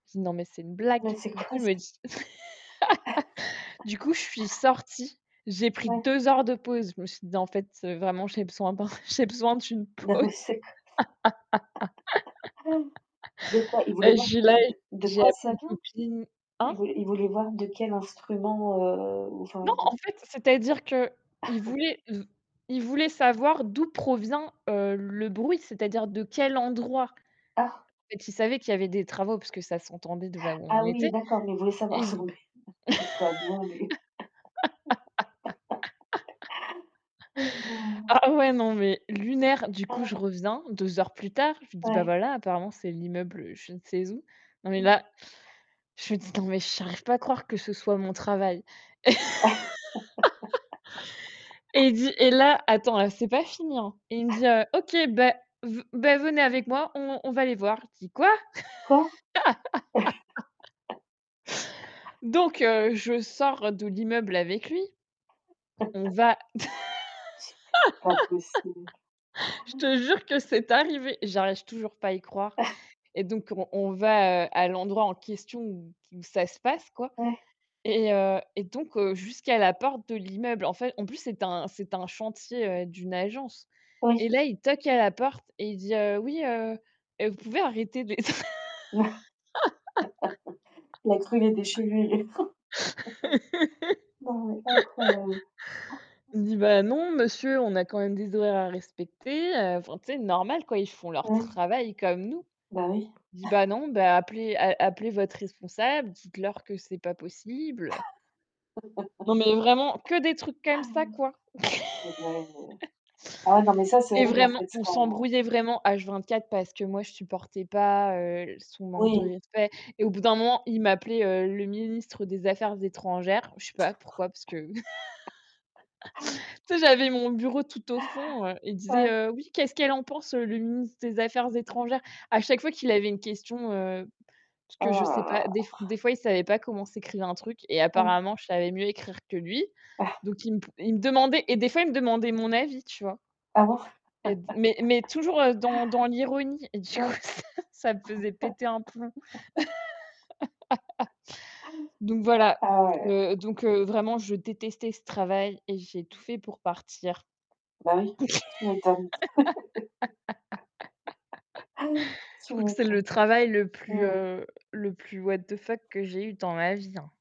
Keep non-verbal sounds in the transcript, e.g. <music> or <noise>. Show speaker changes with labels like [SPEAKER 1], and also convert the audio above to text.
[SPEAKER 1] Non, mais c'est une blague.
[SPEAKER 2] Mais c'est
[SPEAKER 1] Du coup,
[SPEAKER 2] quoi
[SPEAKER 1] je
[SPEAKER 2] ça?
[SPEAKER 1] me dis <laughs> du coup, je suis
[SPEAKER 2] <laughs>
[SPEAKER 1] sortie, j'ai pris
[SPEAKER 2] Ouais.
[SPEAKER 1] 2 heures de pause. Je me suis dit: «Non En fait, heu, vraiment, j'ai besoin d'un j'ai besoin d'une
[SPEAKER 2] <unintelligible>
[SPEAKER 1] pause». <laughs>
[SPEAKER 2] <laughs> De quoi? Il voulait
[SPEAKER 1] Ben je
[SPEAKER 2] voir
[SPEAKER 1] suis
[SPEAKER 2] de
[SPEAKER 1] là,
[SPEAKER 2] de de
[SPEAKER 1] j'ai
[SPEAKER 2] quoi
[SPEAKER 1] appelé
[SPEAKER 2] ça
[SPEAKER 1] une
[SPEAKER 2] vient?
[SPEAKER 1] copine hein?
[SPEAKER 2] Il voulait il voulait voir de quel instrument, heu, ou enfin,
[SPEAKER 1] Non,
[SPEAKER 2] de
[SPEAKER 1] en fait, c'est-à-dire qu'il
[SPEAKER 2] <chuckles>
[SPEAKER 1] voulait v il voulait savoir d'où provient, heu, le bruit, c'est-à-dire de quel endroit. En
[SPEAKER 2] Ah.
[SPEAKER 1] fait, il savait qu'il y avait des travaux, puisque ça s'entendait de là où on
[SPEAKER 2] Ah oui
[SPEAKER 1] était
[SPEAKER 2] d'accord, mais il voulait savoir
[SPEAKER 1] et v
[SPEAKER 2] selon b <unintelligible> Il est pas bien lui.
[SPEAKER 1] <laughs>
[SPEAKER 2] <laughs> Mais non?
[SPEAKER 1] A ah ouais non, mais lunaire, du coup, je
[SPEAKER 2] Ah.
[SPEAKER 1] reviens 2 heures plus tard, je lui dis: «Bah
[SPEAKER 2] Ouais.
[SPEAKER 1] voilà, apparemment, c'est l'immeuble, heu, je ne sais où». Non, mais
[SPEAKER 2] Mmh.
[SPEAKER 1] là, je me dis: «Non mais j'arrive pas à croire que ce soit mon travail». <laughs> Et il
[SPEAKER 2] <laughs>
[SPEAKER 1] dit et là, attends ah, c'est pas fini, hein. Et il me dit heu:
[SPEAKER 2] <chuckles>
[SPEAKER 1] «OK, bah ve bah venez avec moi, on on va les voir». J'ai dit: «Quoi?».
[SPEAKER 2] Quoi?
[SPEAKER 1] <laughs>
[SPEAKER 2] <laughs>
[SPEAKER 1] Donc heu, je sors de l'immeuble avec lui. On
[SPEAKER 2] <laughs>
[SPEAKER 1] va
[SPEAKER 2] <unintelligible> pas possible.
[SPEAKER 1] <laughs> Je
[SPEAKER 2] Oh là là!
[SPEAKER 1] te jure que c'est arrivé. J'arrive toujours pas à y croire.
[SPEAKER 2] <chuckles>
[SPEAKER 1] Et donc, on on va heu, à l'endroit en question où qui où ça se passe, quoi.
[SPEAKER 2] Ouais.
[SPEAKER 1] Et heu, et donc heu, jusqu'à la porte de l'immeuble. En fait en plus, c'était un c'était un chantier, heu, d'une agence.
[SPEAKER 2] Oui.
[SPEAKER 1] Et là, il toque à la porte et il dit: «Heu, oui heu, vous pouvez arrêter de les tr»
[SPEAKER 2] <laughs> Il a cru qu'il était chez lui. <chuckles> Non mais incroyable.
[SPEAKER 1] <laughs> Il dit: «Bah non,
[SPEAKER 2] <gasps>
[SPEAKER 1] monsieur, on a quand même des horaires à respecter, heu» enfin, tu sais? Normal quoi, ils font leur
[SPEAKER 2] Ouais.
[SPEAKER 1] travail comme nous.
[SPEAKER 2] Bah oui.
[SPEAKER 1] Il dit: «Bah
[SPEAKER 2] <chuckles>
[SPEAKER 1] non, bah appelez, a a appelez votre responsable, dites-leur que c'est pas possible». Non, mais vraiment,
[SPEAKER 2] <laughs>
[SPEAKER 1] que des trucs comme ça, quoi.
[SPEAKER 2] Ah purée.
[SPEAKER 1] <laughs>
[SPEAKER 2] Ah ouais, non mais ça c'est
[SPEAKER 1] Et
[SPEAKER 2] horrible en
[SPEAKER 1] vraiment,
[SPEAKER 2] fait,
[SPEAKER 1] on
[SPEAKER 2] quand
[SPEAKER 1] s'embrouillait vraiment H 24, parce que moi, je supportais pas, heu, son manque de
[SPEAKER 2] Oui.
[SPEAKER 1] respect. Et au bout d'un moment, il m'appelait heu, le ministre des affaires étrangères. Je sais pas pourquoi, parce que <laughs> tu
[SPEAKER 2] <laughs>
[SPEAKER 1] sais, j'avais mon bureau tout au fond, heu, il disait:
[SPEAKER 2] Ouais.
[SPEAKER 1] «Heu, oui, qu'est-ce qu'elle en pense, le ministre des affaires étrangères?» À chaque fois qu'il avait une question, heu, parce que je
[SPEAKER 2] Oh là
[SPEAKER 1] sais
[SPEAKER 2] là.
[SPEAKER 1] pas, des des fois, il savait pas comment s'écrivait un truc et
[SPEAKER 2] Ah ouais.
[SPEAKER 1] apparemment, je savais mieux écrire que lui.
[SPEAKER 2] <chuckles>
[SPEAKER 1] Donc, il me il me demandait et des fois, me demandait mon avis, tu vois?
[SPEAKER 2] Ah bon? <laughs>
[SPEAKER 1] Mais mais mais toujours dans dans l'ironie et du coup,
[SPEAKER 2] Ouais.
[SPEAKER 1] ça ça me faisait péter un plomb.
[SPEAKER 2] <laughs>
[SPEAKER 1] <laughs> Donc voilà,
[SPEAKER 2] Ah ouais.
[SPEAKER 1] heu, donc heu, vraiment, je détestais ce travail et j'ai tout fait pour partir.
[SPEAKER 2] Bah oui. Tu m'étonnes. <laughs>
[SPEAKER 1] <laughs> Je
[SPEAKER 2] Tu
[SPEAKER 1] crois que c'est
[SPEAKER 2] m'étonnes.
[SPEAKER 1] le travail le plus,
[SPEAKER 2] Mmh mh.
[SPEAKER 1] heu, le plus what the fuck que j'ai eu dans ma vie, hein.